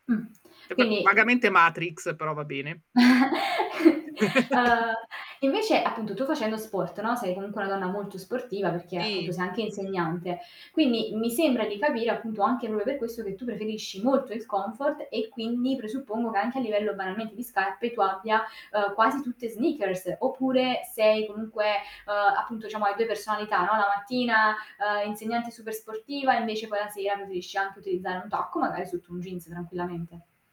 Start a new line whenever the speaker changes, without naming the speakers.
Mh,
Che v
quindi
vagamente Matrix, però va bene.
Uhm, e invece, appunto, tu facendo sport, no, sei comunque una donna molto sportiva, perché appunto
Ti.
sei anche insegnante, quindi mi sembra di capire, appunto, anche proprio per questo che tu preferisci molto il comfort, e quindi presuppongo che anche a livello, banalmente, di scarpe tu abbia, uhm, quasi tutte sneakers, oppure sei comunque uhm, appunto, diciamo, hai 2 personalità, no, la mattina, uhm, insegnante super sportiva, invece poi la sera preferisci anche utilizzare un tacco, magari sotto un jeans, tranquillamente.